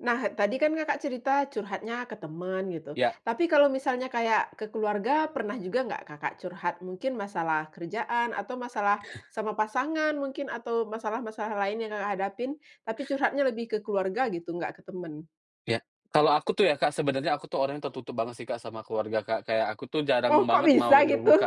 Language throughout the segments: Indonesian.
Nah, tadi kan, Kakak, cerita curhatnya ke teman gitu Iya. tapi kalau misalnya kayak ke keluarga, juga nggak, Kakak, curhat? Mungkin masalah kerjaan atau masalah sama pasangan mungkin atau masalah-masalah lain yang, Kakak, hadapin tapi curhatnya lebih ke keluarga gitu, nggak ke temen? Iya, kalau aku tuh ya, Kak, sebenarnya aku tuh orangnya tertutup banget sih, Kak, sama keluarga, Kak, kayak aku tuh jarang Loh, kok banget mau bisa gitu? terbuka.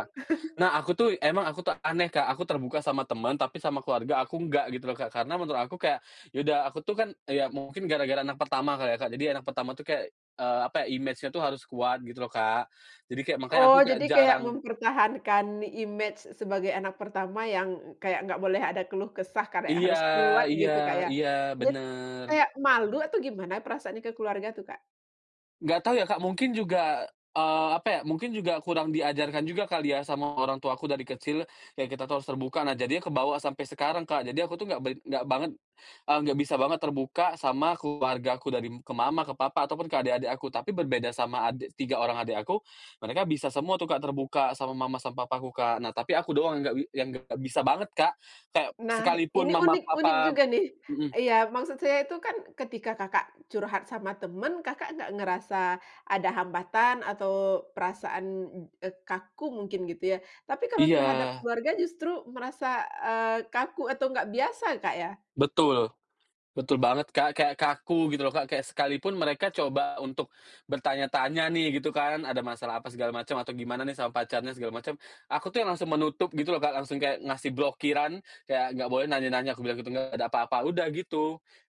Nah, aku tuh emang aku tuh aneh, Kak, aku terbuka sama teman tapi sama keluarga aku enggak, gitu loh, Kak. Karena menurut aku kayak, ya udah aku tuh kan, eee, ya mungkin gara-gara anak pertama kali ya, Kak, jadi anak pertama tuh kayak, eee, apa, image-nya uh harus kuat gitu loh, Kak. Jadi kayak, makanya Oh, aku kayak jadi kayak jarang mempertahankan image sebagai anak pertama yang kayak nggak boleh ada keluh kesah kayak Iya, harus kuat iya gitu kayak iya, dit bener. kayak malu atau gimana perasaannya ke keluarga tuh, Kak? Nggak tau ya, Kak, mungkin juga, eee, apa ya, mungkin juga kurang di ajarkan juga kali ya sama orang tua aku dari kecil, ya kita tuh harus terbuka. Nah, jadi kebawa sampai sekarang, Kak, jadi aku tuh nggak bait nggak banget, eee, nggak bisa banget terbuka sama keluargaku dari ke mama, ke papa ataupun ke adik-adik aku. Tapi berbeda sama ade tiga orang adik aku, mereka bisa semua tuh, Kak, terbuka sama mama, sama papaku, Kak. Nah, tapi aku doang yang nggak bi yang nggak bisa banget, Kak, kayak Nah, sekalipun ini mama, unik unik papa juga nih! mhm. Iya, maksud saya itu kan ketika, Kakak, curhat sama teman, Kakak, nggak ngerasa ada hambatan atau perasaan, eee, kaku mungkin gitu ya. Tapi kalau terhadap Iya. keluarga justru merasa, eee, kaku atau nggak biasa, Kak, ya. Betul betul banget, Kak, kayak kaku gitu loh, Kak, kayak sekalipun mereka coba untuk bertanya-tanya nih gitu kan, ada masalah apa segala macam, atau gimana nih sama pacarnya segala macem. Aku tuh yang langsung menutup gitu loh, Kak, langsung kayak ngasih blokiran, kayak nggak boleh nanya-nanya, aku bilang gitu, nggak ada apa-apa, udah gitu.